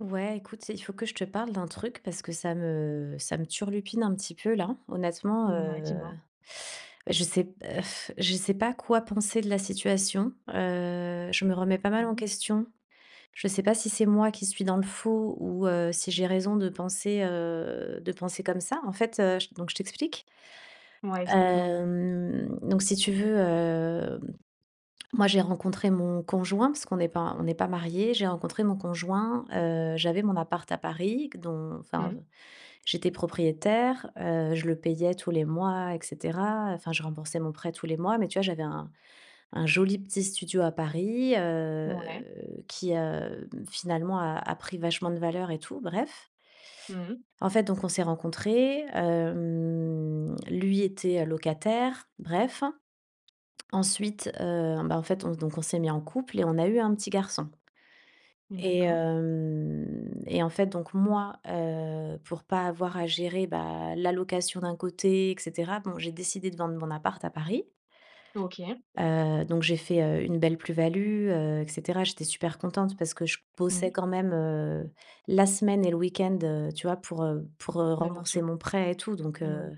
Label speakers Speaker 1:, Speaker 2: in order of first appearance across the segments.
Speaker 1: Ouais écoute, c'est il faut que je te parle d'un truc parce que ça me ça me turlupine un petit peu là. Honnêtement,
Speaker 2: Mouais,
Speaker 1: heu,
Speaker 2: dis-moi.
Speaker 1: je sais p heu, f je sais pas quoi penser de la situation, heu, je me
Speaker 2: M
Speaker 1: remets pas mal en
Speaker 2: Mmh mh.
Speaker 1: question. Je sais pas si c'est moi qui suis dans le faux, ou, heu, si j'ai raison de penser, heu, de penser comme ça. En fait, heu, donc je t'explique.
Speaker 2: Ouais, explique-moi.
Speaker 1: Hem, donc si tu veux, hem, moi, j'ai rencontré mon conjoint, parce qu'on est pas on est pas mariés. J'ai rencontré mon conjoint, heu, j'avais mon appart à Paris q dont
Speaker 2: Mmh
Speaker 1: enfin,
Speaker 2: mh.
Speaker 1: j'étais propriétaire, heu, je le payais tous les mois et cetera, enfin je remboursais mon prêt tous les mois, mais tu vois j'avais un un joli petit studio à Paris, heu,
Speaker 2: Mouais.
Speaker 1: qui, heu, finalement a a pris vachement de valeur et tout, bref.
Speaker 2: Mmh mh.
Speaker 1: En fait donc on s'est rencontrés, hem, lui était, heu locataire, bref. Ensuite, heu bah, en fait on donc, on s'est mis en couple et on a eu un petit garçon. Et
Speaker 2: D'accord.
Speaker 1: hem et en fait donc moi, heu, pour pas avoir à gérer, bah la location d'un côté et cetera, bon, j'ai décidé de vendre mon appart à Paris.
Speaker 2: OK.
Speaker 1: Heu, donc j'ai fait, heu, une belle plus-value, heu et cetera. J'étais super contente parce que je bossais
Speaker 2: Mmh.
Speaker 1: quand même, heu, la semaine et le week-end, heu, tu vois? Pour, heu, pour, heu,
Speaker 2: Bah, bien
Speaker 1: rembourser
Speaker 2: sûr.
Speaker 1: mon prêt et tout, donc
Speaker 2: Mais oui.
Speaker 1: heu,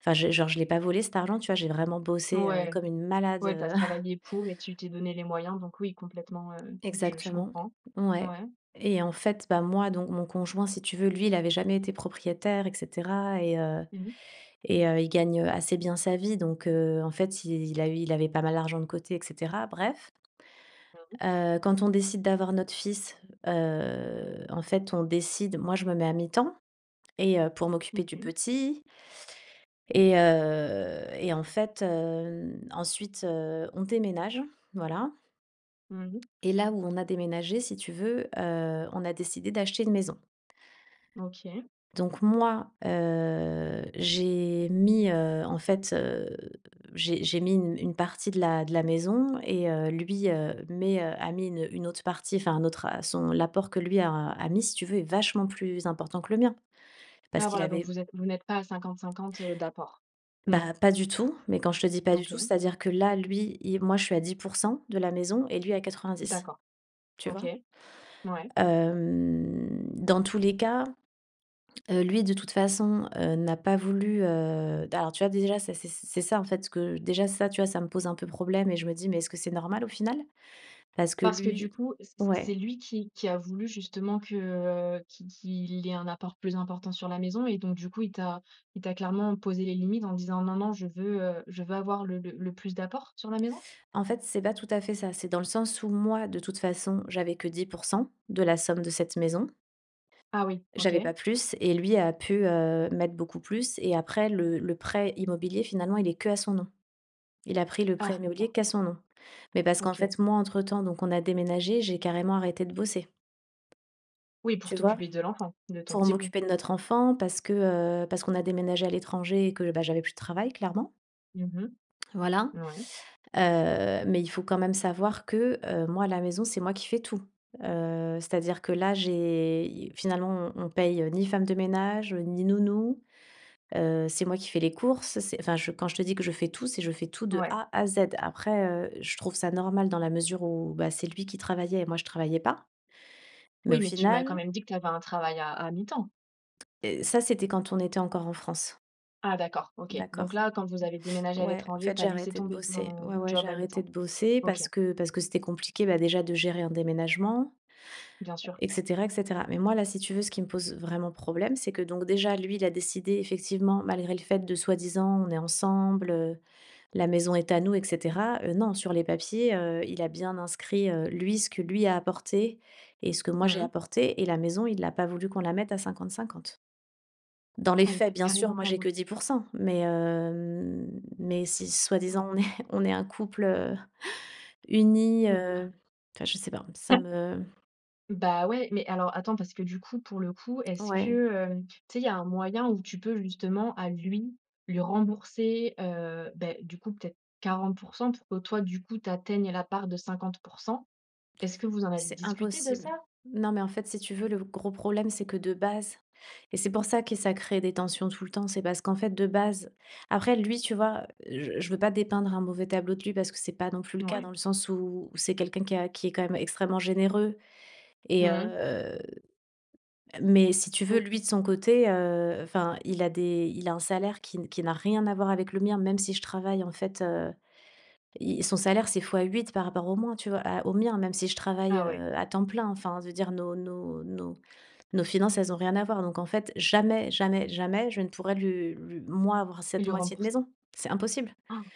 Speaker 1: enfin je genre, je l'ai pas volé cet argent, tu vois? J'ai vraiment bossé, heu,
Speaker 2: Ouais,
Speaker 1: comme une malade
Speaker 2: ouais, tu as
Speaker 1: heu
Speaker 2: travaillé pour et tu t'es donnée les moyens, donc oui, complètement, heu, je je
Speaker 1: Exactement,
Speaker 2: comprends.
Speaker 1: ouais
Speaker 2: Ouais.
Speaker 1: et en fait, bah, moi donc mon conjoint si tu veux, lui, il avait jamais été propriétaire et cetera et heu,
Speaker 2: Mmh mh.
Speaker 1: et heu, il gagne, heu, assez bien sa vie donc heu, en fait il a il avait pas mal d'argent de côté et cetera, bref.
Speaker 2: J'avoue.
Speaker 1: Heu, quand on décide d'avoir notre fils, heu, en fait, on décide moi, je me mets à mi-temps et heu, pour m'occuper du
Speaker 2: OK.
Speaker 1: petit. Et heu et en fait heu, n ensuite, heu, on déménage, voilà.
Speaker 2: Mmh mh.
Speaker 1: Et là où on a déménagé si tu veux, heu, on a décidé d'acheter une maison.
Speaker 2: OK.
Speaker 1: Donc moi, heu, j'ai mis, heu, en fait, heu, j'ai j'ai mis une une partie de la de la maison et heu, lui, heu, met, heu, a mis une une autre partie, enfin un autre a son l'apport que lui a a mis si tu veux, est vachement plus important que le mien, parce
Speaker 2: Ah
Speaker 1: qu'il
Speaker 2: voilà, donc
Speaker 1: avait
Speaker 2: vous êtes vous n'êtes pas à 50-50, heu, d'apport?
Speaker 1: Bah,
Speaker 2: non.
Speaker 1: pas du tout, mais quand je te dis pas du tout,
Speaker 2: OK.
Speaker 1: c'est-à-dire que là, lui, i moi je suis à 10 % de la maison et lui à 90,
Speaker 2: D'accord.
Speaker 1: tu vois?
Speaker 2: OK. Ouais.
Speaker 1: Hem, dans tous les cas, heu, lui, de toute façon, heu, n'a pas voulu, heu, d alors tu vois, déjà ça c'est c'est c'est ça en fait que déjà ça, tu vois, ça me pose un peu problème et je me dis: «Mais est-ce que c'est normal, au final?» Parce que
Speaker 2: Parce que du
Speaker 1: lui
Speaker 2: coup, c c
Speaker 1: ouais.
Speaker 2: c'est lui qui qui a voulu justement que, heu, qu'il qu'il ait un apport plus important sur la maison? Et donc du coup, il t'a il t'a clairement posé les limites en disant: «Non non, je veux, heu, je veux avoir le le plus d'apport, sur la maison»?
Speaker 1: En fait, c'est pas tout à fait ça. C'est dans le sens où moi de toute façon, j'avais que 10 % de la somme de cette maison.
Speaker 2: Ah oui, OK.
Speaker 1: J'avais pas plus et lui a pu, heu, mettre beaucoup plus et après le le prêt immobilier finalement, il est qu'à son nom. Il a pris le
Speaker 2: Ah,
Speaker 1: prêt
Speaker 2: d'accord.
Speaker 1: immobilier qu'à son nom. Mais parce qu'en
Speaker 2: OK.
Speaker 1: fait moi, entre temps, donc on a déménagé, j'ai carrément arrêté de bosser.
Speaker 2: Oui pour
Speaker 1: Tu vois?
Speaker 2: t'occuper de l'enfant, de ton
Speaker 1: Pour
Speaker 2: petit bout.
Speaker 1: m'occuper de notre enfant parce que, heu, parce qu'on a déménagé à l'étranger et que, bah, j'avais plus de travail, clairement.
Speaker 2: Mmh mh.
Speaker 1: Voilà,
Speaker 2: Ouais.
Speaker 1: heu, mais il faut quand même savoir que, heu, moi à la maison c'est moi qui fais tout, heu, c'est à dire que là, j'ai i finalement on on paye, heu, ni femme de ménage, heu, ni nounou, heu, c'est moi qui fais les courses. C'est enfin je quand je te dis que je fais tout, c'est je fais tout de
Speaker 2: Ouais.
Speaker 1: A à Z. Après heu, je trouve ça normal dans la mesure où, bah c'est lui qui travaillait et moi je travaillais pas. Mais au
Speaker 2: Oui, mais tu m'as quand
Speaker 1: final
Speaker 2: même dit que tu avais un travail à à mi-temps.
Speaker 1: Heu, ça c'était quand on était encore en France.
Speaker 2: Ah d'accord, OK.
Speaker 1: D'accord.
Speaker 2: Donc là quand vous avez déménagé à
Speaker 1: Ouais en
Speaker 2: l'étranger,
Speaker 1: fait,
Speaker 2: tu as
Speaker 1: j'ai
Speaker 2: laissé
Speaker 1: arrêté de
Speaker 2: tomber
Speaker 1: bosser, ouais,
Speaker 2: ton
Speaker 1: ouais, j'ai
Speaker 2: job à
Speaker 1: arrêté
Speaker 2: mi-temps?
Speaker 1: de bosser.
Speaker 2: OK.
Speaker 1: Parce que parce que c'était compliqué, bah, déjà de gérer un déménagement
Speaker 2: Bien sûr.
Speaker 1: et cetera et cetera. Mais moi là, si tu veux, ce qui me pose vraiment problème, c'est que donc déjà, lui, il a décidé effectivement, malgré le fait de soi-disant, «On est ensemble», heu, «La maison est à nous» et cetera, heu non, sur les papiers, heu, il a bien inscrit, heu, lui, ce que lui a apporté et ce que moi
Speaker 2: Mmh
Speaker 1: j'ai
Speaker 2: mh.
Speaker 1: apporté et la maison, il a pas voulu qu'on la mette à 50-50. Dans les
Speaker 2: Ah, il
Speaker 1: faits,
Speaker 2: a
Speaker 1: bien sûr,
Speaker 2: carrément
Speaker 1: moi,
Speaker 2: pas
Speaker 1: j'ai que
Speaker 2: voulu?
Speaker 1: 10 %, mais hem, mais si, soi-disant on est on est un couple heu, uni,
Speaker 2: Mmh, hein.
Speaker 1: heu, enfin je sais pas, ça me
Speaker 2: Bah ouais, mais alors attends, parce que du coup pour le coup, est-ce que,
Speaker 1: Ouais.
Speaker 2: heu, tu sais, il y a un moyen, où tu peux justement à lui lui rembourser, heu, bah du coup, peut-être 40 % pour que toi du coup, tu atteignes, la part de 50 %? Est-ce que vous en avez
Speaker 1: C'est
Speaker 2: discuté de
Speaker 1: impossible.
Speaker 2: ça?
Speaker 1: Non mais en fait, si tu veux, le gros problème c'est que de base et c'est pour ça que ça crée des tensions tout le temps, c'est parce qu'en fait de base après lui tu vois, je je veux pas dépeindre un mauvais tableau de lui, parce que c'est pas non plus le cas
Speaker 2: Mouais.
Speaker 1: dans le sens où-où c'est quelqu'un qui a qui est quand même extrêmement généreux
Speaker 2: Mmh
Speaker 1: et
Speaker 2: mh.
Speaker 1: heu mais si tu veux
Speaker 2: Ou
Speaker 1: lui de son côté, heu, enfin il a des il a un salaire qui n qui n'a rien à voir avec le mien. Même si je travaille en fait, heu, il son salaire c'est x8 par rapport au mois, tu vois? À au mien, même si je travaille,
Speaker 2: Ah ouais.
Speaker 1: heu, à temps plein. Enfin de dire nos nos nos nos finances, elles ont rien à voir. Donc en fait jamais, jamais, jamais, je ne pourrais lui lui moi avoir
Speaker 2: Il
Speaker 1: cette
Speaker 2: lui
Speaker 1: moitié de
Speaker 2: rembourse.
Speaker 1: maison. C'est impossible.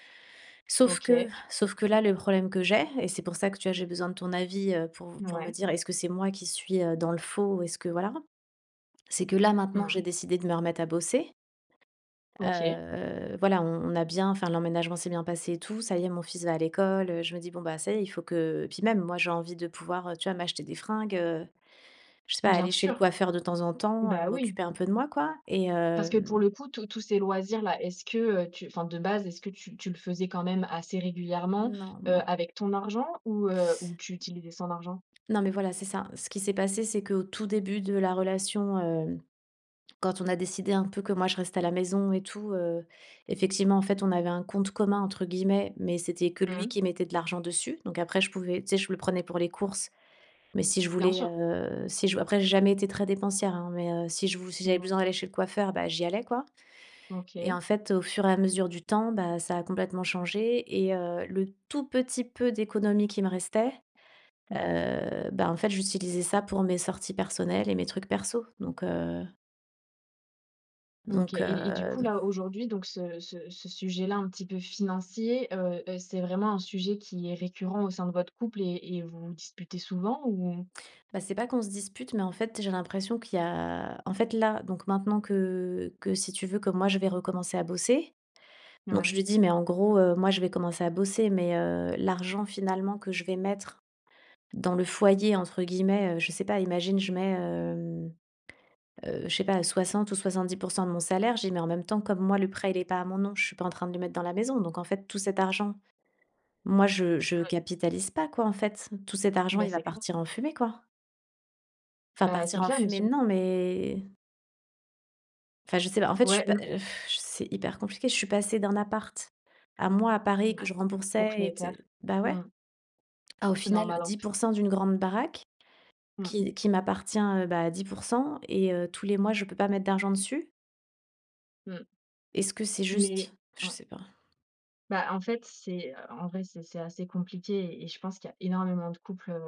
Speaker 1: Sauf
Speaker 2: OK.
Speaker 1: que
Speaker 2: Et
Speaker 1: sauf que là, le problème que j'ai et c'est pour ça que tu vois j'ai besoin de ton avis, heu, pour v pour me
Speaker 2: Mouais.
Speaker 1: dire est-ce que c'est moi qui suis, heu, dans le faux ou est-ce que, voilà? C'est que là
Speaker 2: Mmh
Speaker 1: maintenant, j'ai
Speaker 2: mh.
Speaker 1: décidé de me remettre à bosser.
Speaker 2: OK.
Speaker 1: Heu, voilà, on on a bien enfin l'emménagement s'est bien passé et tout. Ça y est mon fils va à l'école, heu, je me dis «Bon, bah ça y est, il faut que» et puis même, moi, j'ai envie de pouvoir, heu, tu vois m'acheter des fringues, heu, je sais pas,
Speaker 2: Bien
Speaker 1: aller chez le
Speaker 2: sûr.
Speaker 1: coiffeur de temps en temps, heu,
Speaker 2: Bah oui.
Speaker 1: m'occuper un peu de moi quoi, et
Speaker 2: Parce que pour
Speaker 1: hem
Speaker 2: le coup tous tous ces loisirs là, est-ce que, heu, tu enfin de base, est-ce que tu tu le faisais quand même assez régulièrement,
Speaker 1: Non,
Speaker 2: heu,
Speaker 1: non.
Speaker 2: avec ton argent ou, heu, ou tu utilisais son argent?
Speaker 1: Non mais voilà, c'est ça. Ce qui s'est passé, c'est qu'au tout début de la relation, heu, quand on a décidé un peu que moi je reste à la maison et tout, heu, effectivement en fait, on avait un «compte commun» entre guillemets. Mais c'était que
Speaker 2: Mmh
Speaker 1: lui
Speaker 2: mh.
Speaker 1: qui mettait de l'argent dessus. Donc après je pouvais, tu sais, je le prenais pour les courses. Mais si je
Speaker 2: Bien
Speaker 1: voulais,
Speaker 2: sûr.
Speaker 1: heu, si je après j'ai jamais été très dépensière hein, mais heu, si je vou si j'avais
Speaker 2: Mouais.
Speaker 1: besoin d'aller chez le coiffeur, bah, j'y allais, quoi et en
Speaker 2: OK.
Speaker 1: fait au fur et à mesure du temps, bah, ça a complètement changé et heu, le tout petit peu d'économie qui me restait,
Speaker 2: Mmh mh.
Speaker 1: heu bah, en fait j'utilisais ça pour mes sorties personnelles et mes trucs perso, donc heu
Speaker 2: OK
Speaker 1: Donc
Speaker 2: et et du
Speaker 1: heu
Speaker 2: coup, là aujourd'hui, donc ce ce ce ce sujet-là, un petit peu financier, heu heu, c'est vraiment un sujet qui est récurrent au sein de votre couple et et vous disputez souvent? Ou
Speaker 1: Bah, c'est pas qu'on se dispute, mais en fait, j'ai l'impression qu'il y a en fait là, donc maintenant que que si tu veux, que moi je vais recommencer à bosser. Donc je
Speaker 2: Ouais.
Speaker 1: lui dis: «Mais en gros heu, moi, je vais commencer à bosser, mais heu, l'argent finalement que je vais mettre "dans le foyer" entre guillemets, heu, je sais pas, imagine, je mets, hem, heu, je sais pas, 60 ou 70 % de mon salaire», je dis: «Mais en même temps, comme moi le prêt, il est pas à mon nom, je suis pas en train de le mettre dans la maison. Donc en fait tout cet argent, moi je je
Speaker 2: Oui.
Speaker 1: capitalise pas quoi en fait. Tout cet argent
Speaker 2: Bah,
Speaker 1: il va
Speaker 2: c'est clair.
Speaker 1: partir en fumée, quoi». Enfin
Speaker 2: Bah, c'est
Speaker 1: partir en
Speaker 2: clair, mais
Speaker 1: fumée
Speaker 2: surtout
Speaker 1: non, mais enfin je sais pas. En fait je suis
Speaker 2: Ouais,
Speaker 1: pas,
Speaker 2: mmh.
Speaker 1: heu, c'est hyper compliqué, je suis passée d'un appart, à moi, à Paris, que je
Speaker 2: Mouais.
Speaker 1: remboursais et te
Speaker 2: Propriétaire.
Speaker 1: bah
Speaker 2: Mmh
Speaker 1: ouais.
Speaker 2: mh.
Speaker 1: À au final
Speaker 2: Normal, en
Speaker 1: dix
Speaker 2: f
Speaker 1: pour cent d'une grande baraque
Speaker 2: Mmh.
Speaker 1: qui qui m'appartient, heu, bah à 10 %, et heu, tous les mois, je peux pas mettre d'argent dessus.
Speaker 2: Mmh.
Speaker 1: Est-ce que c'est
Speaker 2: Mais
Speaker 1: juste? Je
Speaker 2: a
Speaker 1: sais pas.
Speaker 2: Bah en fait, c'est en vrai, c'est c'est assez compliqué et je pense qu'il y a énormément de couples, heu,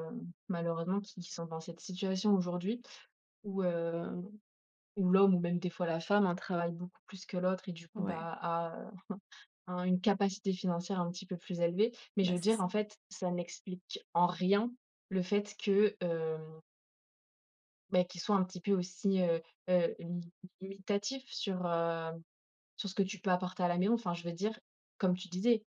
Speaker 2: malheureusement qui qui sont dans cette situation aujourd'hui, où, heu, où l'homme ou même des fois la femme hein, travaille beaucoup plus que l'autre et du coup,
Speaker 1: Ouais.
Speaker 2: bah, a un une capacité financière un petit peu plus élevée. Mais je
Speaker 1: Bah,
Speaker 2: veux
Speaker 1: c'est
Speaker 2: dire en
Speaker 1: ça.
Speaker 2: fait, ça n'explique en rien le fait que hem bah qu'il soit un petit peu aussi, heu, heu, limitatif sur, heu, sur ce que tu peux apporter à la maison. Enfin, je veux dire, comme tu disais,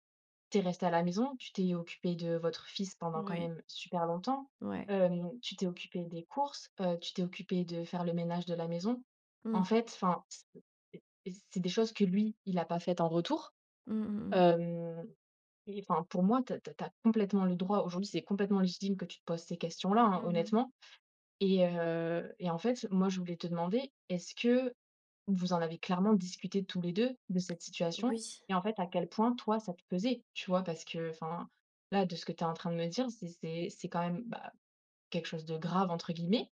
Speaker 2: tu es restée à la maison, tu t'es occupée de votre fils pendant quand
Speaker 1: Oui.
Speaker 2: même super longtemps,
Speaker 1: Ouais.
Speaker 2: hem, tu t'es occupée des courses, heu, tu t'es occupée de faire le ménage de la maison. En
Speaker 1: Mmh.
Speaker 2: fait, enfin, c et et c'est des choses que lui, il a pas faites en retour,
Speaker 1: Mmh mh, mmh.
Speaker 2: hem et enfin pour moi, tu as tu as tu as complètement le droit aujourd'hui, c'est complètement légitime que tu te poses ces questions là
Speaker 1: Mmh
Speaker 2: hein,
Speaker 1: mh.
Speaker 2: honnêtement et heu, et en fait, moi, je voulais te demander, est-ce que vous en avez clairement discuté tous les 2, de cette situation?
Speaker 1: Oui.
Speaker 2: Et en fait, à quel point, toi, ça te pesait? Tu vois? Parce qu'enfin, là, de ce que tu es en train de me dire, c'est c'est c'est quand même, bah, quelque chose de «grave» entre guillemets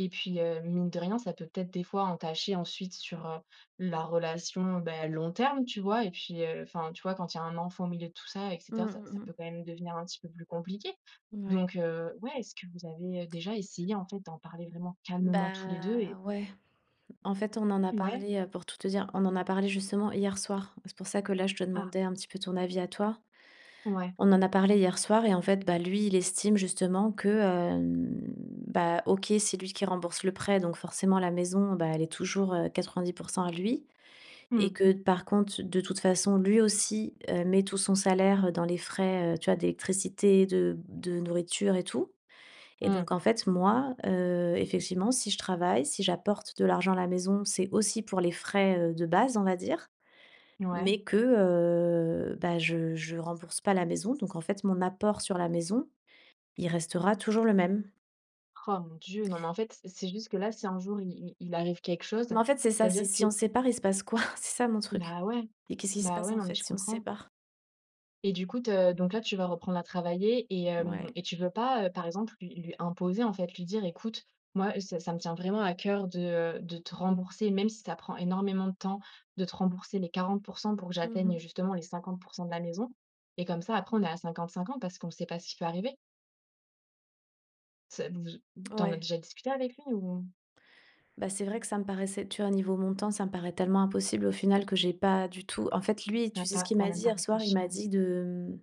Speaker 2: et puis heu, mine de rien, ça peut peut-être des fois entacher ensuite sur, heu, la relation, bah, long terme, tu vois? Et puis, heu, enfin, tu vois? Quand il y a un enfant au milieu de tout ça et
Speaker 1: Mmh
Speaker 2: cetera, ça
Speaker 1: mh,
Speaker 2: ça peut
Speaker 1: mmh.
Speaker 2: quand même devenir un petit peu plus compliqué.
Speaker 1: Ouais.
Speaker 2: Donc heu, ouais, est-ce que vous avez, heu, déjà essayé en fait, d'en parler vraiment calmement tous les 2?
Speaker 1: Bah
Speaker 2: Et
Speaker 1: ouais. En fait on en a
Speaker 2: Ouais?
Speaker 1: parlé, heu, pour tout te dire, on en a parlé justement hier soir. C'est pour ça que là, je te
Speaker 2: Ah.
Speaker 1: demandais un petit peu ton avis à toi.
Speaker 2: Ouais.
Speaker 1: On en a parlé hier soir et en fait, bah lui, il estime justement que, hem, bah OK, c'est lui qui rembourse le prêt, donc forcément la maison, bah elle est toujours, heu, 90 % à lui et
Speaker 2: Mmh.
Speaker 1: que, par contre, de toute façon lui aussi, heu, met tout son salaire, heu, dans les frais, heu, tu vois d'électricité, de de nourriture et tout et
Speaker 2: Mmh.
Speaker 1: donc en fait, moi, heu, effectivement si je travaille, si j'apporte de l'argent à la maison, c'est aussi pour les frais, heu, de base, on va dire.
Speaker 2: Mouais.
Speaker 1: Mais que, heu bah, je je rembourse pas la maison donc en fait mon apport sur la maison, il restera toujours le même.
Speaker 2: Oh mon Dieu, non mais en fait, c'est juste que là, si un jour, il il arrive quelque chose,
Speaker 1: Mais en fait c'est ça, c'est
Speaker 2: c'est-à-dire
Speaker 1: si on
Speaker 2: que
Speaker 1: sépare il se passe quoi? C'est ça mon truc
Speaker 2: Bah ouais.
Speaker 1: et qu'est-ce qui se
Speaker 2: Bah
Speaker 1: passe,
Speaker 2: ouais,
Speaker 1: en
Speaker 2: non mais
Speaker 1: fait,
Speaker 2: je
Speaker 1: si on se
Speaker 2: comprends.
Speaker 1: sépare?
Speaker 2: Et du coup te donc là, tu vas reprendre à travailler et hem,
Speaker 1: Ouais.
Speaker 2: et tu veux pas, heu, par exemple, lui lui imposer, en fait, lui dire: «Écoute, moi, est ce te ça me tient vraiment à coeur de, heu, de te rembourser, même si ça prend énormément de temps, de te rembourser les 40 % pour que
Speaker 1: Mmh mh.
Speaker 2: j'atteigne justement les 50 % de la maison et comme ça après on est à 50-50 parce qu'on ne sait pas ce qui peut arriver». C'est donc je tu en as
Speaker 1: Ouais.
Speaker 2: déjà discuté avec lui ou mmh?
Speaker 1: Ben c'est vrai que ça me paraissait, tu vois niveau montant, ça me paraît tellement impossible au final que j'ai pas du tout en fait lui,
Speaker 2: Tu
Speaker 1: tu
Speaker 2: as
Speaker 1: sais ce
Speaker 2: pas
Speaker 1: qu'il
Speaker 2: tu as
Speaker 1: m'a dit
Speaker 2: même pas
Speaker 1: hier soir? Il
Speaker 2: réfléchi,
Speaker 1: m'a
Speaker 2: ouais.
Speaker 1: dit de, mmh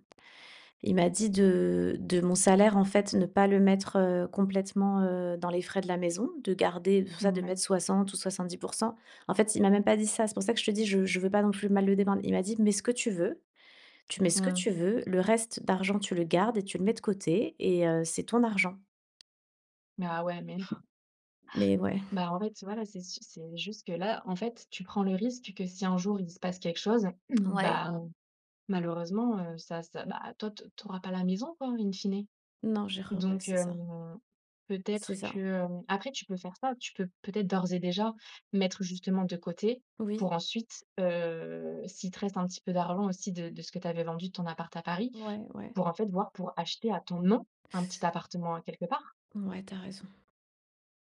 Speaker 1: il m'a dit de de mon salaire, en fait, ne pas le mettre, heu, complètement, heu, dans les frais de la maison, de garder tout ça. De
Speaker 2: Mouais.
Speaker 1: mettre 60 ou 70 %. En fait, il m'a même pas dit ça, c'est pour ça que je te dis je je veux pas donc je veux mal le dépeindre. Il m'a dit: «Mets ce que tu veux, tu mets ce que
Speaker 2: Mmh.
Speaker 1: tu veux, le reste d'argent tu le gardes et tu le mets de côté et heu, c'est ton argent».
Speaker 2: Mais ah ouais mais non
Speaker 1: Mais ouais.
Speaker 2: Ben, en fait, voilà. C'est s c'est juste que là, en fait, tu prends le risque que si un jour il se passe quelque chose,
Speaker 1: Ouais?
Speaker 2: ben malheureusement, heu, ça ça, ben toi to tu auras pas la maison quoi en, in fine.
Speaker 1: Non, je rere ouais,
Speaker 2: Donc
Speaker 1: c'est ça.
Speaker 2: hem, peut-être
Speaker 1: C'est ça.
Speaker 2: que, hem, après, tu peux faire ça. Tu peux peut-être d'ores et déjà mettre justement de côté
Speaker 1: Oui.
Speaker 2: pour ensuite, heu, s'il te reste un petit peu d'argent aussi de de ce que tu avais vendu ton appart à Paris
Speaker 1: Ouais, ouais.
Speaker 2: pour, en fait, voir pour acheter à ton nom un petit appartement a quelque part.
Speaker 1: Ouais, tu as raison.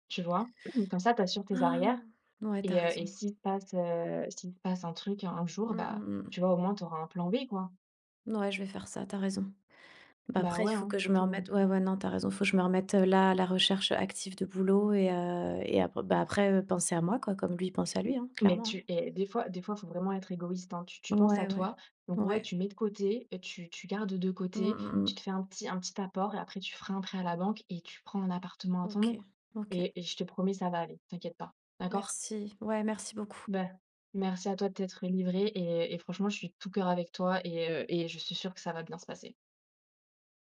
Speaker 2: Tu vois? Comme ça, tu assures tes
Speaker 1: Ah.
Speaker 2: arrières
Speaker 1: Ouais, tu as
Speaker 2: et
Speaker 1: raison.
Speaker 2: s'il se passe, heu, s'il se passe, heu, un truc un un jour,
Speaker 1: Mmh,
Speaker 2: ben
Speaker 1: mmh, mmh.
Speaker 2: tu vois, au moins, tu auras un plan B, quoi?
Speaker 1: Ouais je vais faire ça tu as raison. Bah
Speaker 2: Bah
Speaker 1: après il
Speaker 2: ouais,
Speaker 1: faut
Speaker 2: hein,
Speaker 1: que je me
Speaker 2: faut
Speaker 1: remette ouais, ouais, non tu as raison, faut que je me remette là à la recherche active de boulot et heu, et après ben après, heu, penser à moi quoi comme lui, il pense à lui, hein,
Speaker 2: Mais
Speaker 1: clairement, hein.
Speaker 2: tu et des fois des fois, il faut vraiment être égoïste, hein. Tu tu penses
Speaker 1: Ouais,
Speaker 2: à
Speaker 1: ouais.
Speaker 2: toi, donc ouais,
Speaker 1: Ouais.
Speaker 2: tu mets de côté et tu tu gardes de
Speaker 1: Mmh,
Speaker 2: côté,
Speaker 1: mmh,
Speaker 2: tu te
Speaker 1: mmh.
Speaker 2: fais un petit un petit apport et après tu feras un prêt à la banque et tu prends un appartement à ton nom
Speaker 1: OK, OK.
Speaker 2: et et je te promets, ça va aller, t'inquiète pas, d'accord?
Speaker 1: Merci ouais, merci beaucoup.
Speaker 2: Bah. Merci à toi de t'être livrée et et franchement, je suis de tout cœur avec toi et heu, et je suis sûre que ça va bien se passer.